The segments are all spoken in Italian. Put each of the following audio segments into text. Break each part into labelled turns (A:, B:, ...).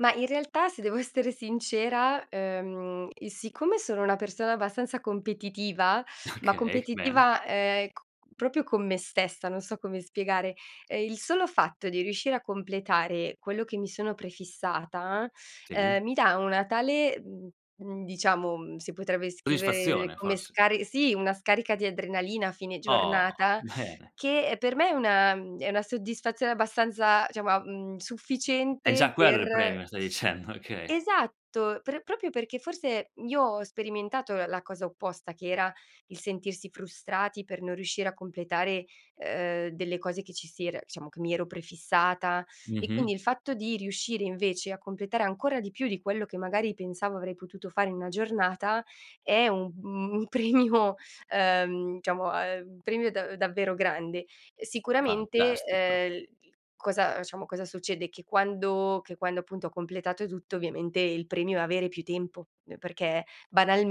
A: Ma in realtà, se devo essere sincera, ehm, siccome sono una persona abbastanza competitiva, ma
B: Okay, bene.
A: competitiva, ehm c proprio con me stessa, non so come spiegare, ehm il solo fatto di riuscire a completare quello che mi sono prefissata, ehm,
B: Sì.
A: mi dà una tale, mhmm, mhmm, diciamo, uhm, si potrebbe scrivere
B: Soddisfazione,
A: come
B: forse.
A: scar sì, una scarica di adrenalina a fine
B: Oh,
A: giornata
B: bene
A: che, per me, è una è una soddisfazione abbastanza, diciamo a mhmm,
B: È
A: sufficiente
B: già quello il
A: per
B: premio, stai dicendo, okay.
A: esatto, per proprio perché, forse, io ho sperimentato la cosa opposta, che era il sentirsi frustrati per non riuscire a completare, ehm, delle cose che ci si era diciamo, che mi ero prefissata. E quindi,
B: Mh-mh.
A: il fatto di riuscire, invece, a completare ancora di più di quello che, magari, pensavo avrei potuto fare in una giornata è un un un premio, ehm, diciamo, uhm, un premio da davvero grande. Sicuramente,
B: Fantastico.
A: ehm, cosa, diciamo, cosa succede? Che quando che quando, appunto, ho completato tutto, ovviamente, il premio è avere più tempo. Perché,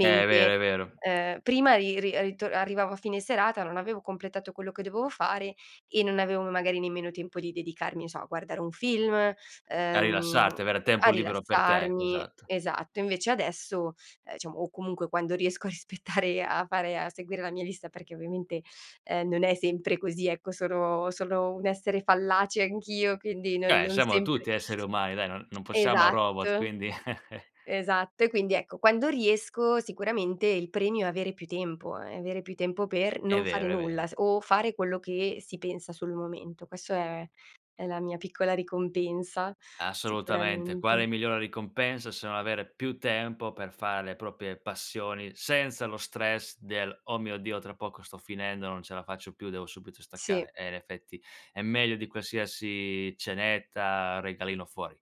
B: È vero, è vero.
A: uhm, prima ri ri rito arrivavo a fine serata, non avevo completato quello che dovevo fare e non avevo, magari, nemmeno tempo di dedicarmi, che so, a guardare un film,
B: A
A: ehm,
B: rilassarti, avere
A: a
B: tempo libero per te,
A: rilassarmi.
B: esatto.
A: Esatto. Invece adesso, eh diciamo, o, comunque, quando riesco a rispettare a fare a seguire la mia lista, perché, ovviamente, ehm, non è sempre così, ecco, sono solo un essere fallace anch'io, quindi non
B: Cioè,
A: non
B: siamo
A: sempre
B: tutti esseri umani, dai, non non possiamo robot,
A: esatto,
B: quindi
A: esatto. E quindi ecco, quando riesco sicuramente il premio è avere più tempo, è avere più tempo per
B: È
A: non fare
B: vero, è
A: nulla
B: vero.
A: s o fare quello che si pensa sul momento. Questa è, è la mia piccola ricompensa
B: Assolutamente.
A: sicuramente.
B: Quale migliore ricompensa se non avere più tempo per fare le proprie passioni senza lo stress del: "Oh mio Dio, tra poco sto finendo, non ce la faccio più, devo subito
A: Sì.
B: staccare"? Eh, in effetti, è meglio di qualsiasi cenetta, regalino fuori.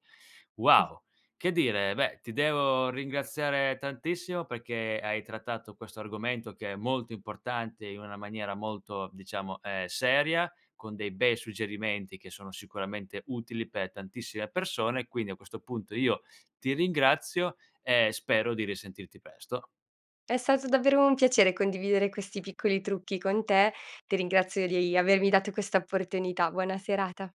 A: Mh.
B: Wow. Che dire? Beh, ti devo ringraziare tantissimo perché hai trattato questo argomento, che è molto importante, in una maniera molto, diciamo, ehm, seria, con dei bei suggerimenti che sono sicuramente utili per tantissime persone. Quindi, a questo punto, io ti ringrazio e spero di risentirti presto.
A: È stato davvero un piacere condividere questi piccoli trucchi con te. Ti ringrazio di avermi dato questa opportunità. Buona serata.